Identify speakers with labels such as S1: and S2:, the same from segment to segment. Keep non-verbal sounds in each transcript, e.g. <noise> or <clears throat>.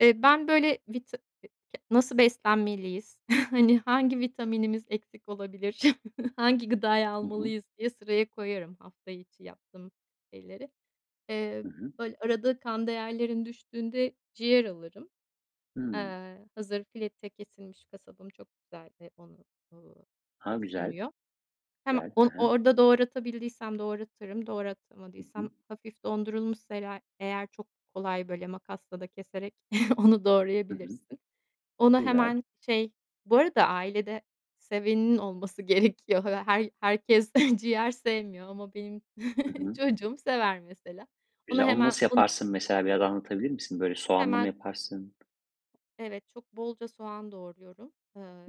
S1: Eee, ben böyle, vita e ke nasıl beslenmeliyiz, <chuckles> hani, hangi vitaminimiz eksik olabilir, <chuckles> hangi gıdayı
S2: Hı hı.
S1: almalıyız diye sıraya koyarım, hafta içi yaptığım şeyleri. Eee,
S2: Hı hı.
S1: böyle, arada kan değerlerim düştüğünde, ciğer alırım.
S2: Hımm.
S1: Eee, hazır, fileto kesilmiş, kasabım çok güzel, onu, ııı,
S2: A, güzel,
S1: sunuyor. Hem
S2: güzel. Hı
S1: on
S2: hı.
S1: orada doğratabildiysem doğratırım,
S2: Hı
S1: doğratamadıysam,
S2: hı.
S1: hafif dondurulmuşsa ere eğer çok kolay, böyle, makasla da keserek, <chuckles> onu
S2: Hı hı.
S1: doğrayabilirsin. Onu,
S2: Güzel.
S1: hemen şey bu arada ailede, seveninin olması gerekiyor. Her herkes ciğer sevmiyor, ama benim
S2: Hı
S1: <chuckles>
S2: hı.
S1: çocuğum sever mesela. Onu
S2: Güzel, onu
S1: hemen
S2: nasıl
S1: un
S2: yaparsın? Mesela, biraz anlatabilir misin? Böyle, soğanlı mı
S1: Hemen.
S2: yaparsın?
S1: Evet, çok, bolca soğan doğruyorum.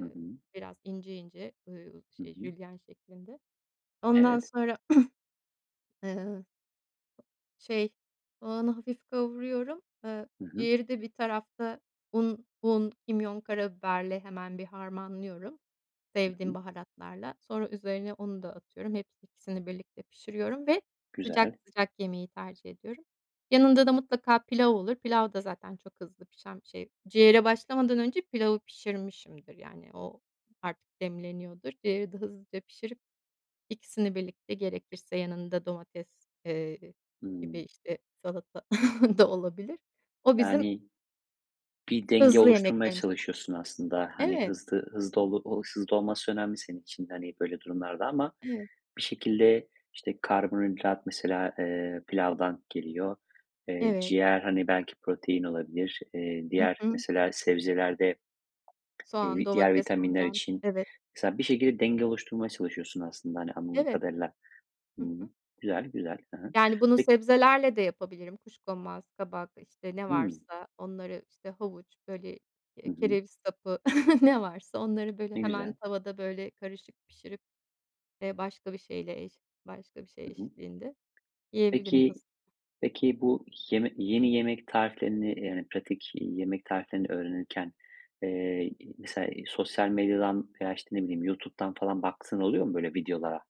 S2: Hı hı.
S1: biraz ince, ince, ııı,
S2: Hı
S1: şey
S2: hı.
S1: jülyen şeklinde, ondan
S2: Evet.
S1: sonra, <clears throat> eee, şey, soğanı hafif kavuruyorum. Eee,
S2: Hı hı.
S1: ciğeri de bir tarafta, un, un, kimyon, karabiberle, hemen, bir harmanlıyorum
S2: Hı
S1: sevdiğim
S2: hı.
S1: baharatlarla. Sonra üzerine, onu da atıyorum, hepsi ikisini birlikte pişiriyorum ve sıcak,
S2: Güzel.
S1: sıcak, yemeyi tercih ediyorum. Yanında da, mutlaka pilav olur. Pilav da zaten çok hızlı pişen bir şey. Ciğere başlamadan önce, pilavı pişirmişimdir. Yani o artık demleniyordur. Ciğeri de hızlıca pişirip, ikisini birlikte, gerekirse yanında domates, eee, gibi,
S2: Hımm.
S1: işte, salata <chuckles> da olabilir. O, bizim
S2: Yani, bir denge
S1: hızlı
S2: oluşturmaya
S1: yemeklerimizden.
S2: çalışıyorsun aslında. Hani,
S1: Evet.
S2: hızlı, hızlı, olu hızlı olması önemli, senin için de, hani, böyle durumlarda ama
S1: Evet.
S2: bir şekilde, işte, karbonhidrat mesela, eee, pilavdan geliyor. Eee,
S1: Evet.
S2: ciğer, hani, belki protein olabilir. Eee,
S1: Hı
S2: diğer,
S1: hı.
S2: mesela, sebzelerde,
S1: Soğan,
S2: eee, diğer
S1: domates,.
S2: vitaminler
S1: <unintelligible>
S2: için,
S1: Evet.
S2: mesela, bir şekilde denge oluşturmaya çalışıyorsun aslında, hani anladığım
S1: Evet.
S2: kadarıyla.
S1: Hı
S2: Hıı.
S1: hı.
S2: Güzel güzel. He he.
S1: Yani, bunu
S2: Peki
S1: sebzelerle de yapabilirim. Kuşkonmaz, kabak, işte ne
S2: Hımm.
S1: varsa, onları, işte, havuç böyle,
S2: Hı
S1: eee,
S2: hı.
S1: kereviz sapı, <chuckles> ne varsa, onları, böyle,
S2: Ne
S1: hemen,
S2: güzel.
S1: tavada, böyle, karışık pişirip, eee, başka bir şeyle eş başka bir şey
S2: Hı hı.
S1: eşliğinde, yiyebilirim
S2: Peki,
S1: hız
S2: peki, bu yemek yeni yemek tariflerini, yani pratik yemek tariflerini öğrenirken, eee, iii, mesela sosyal medyadan, veya işte ne bileyim, YouTube'dan falan baktığın oluyor mu, böyle videolara?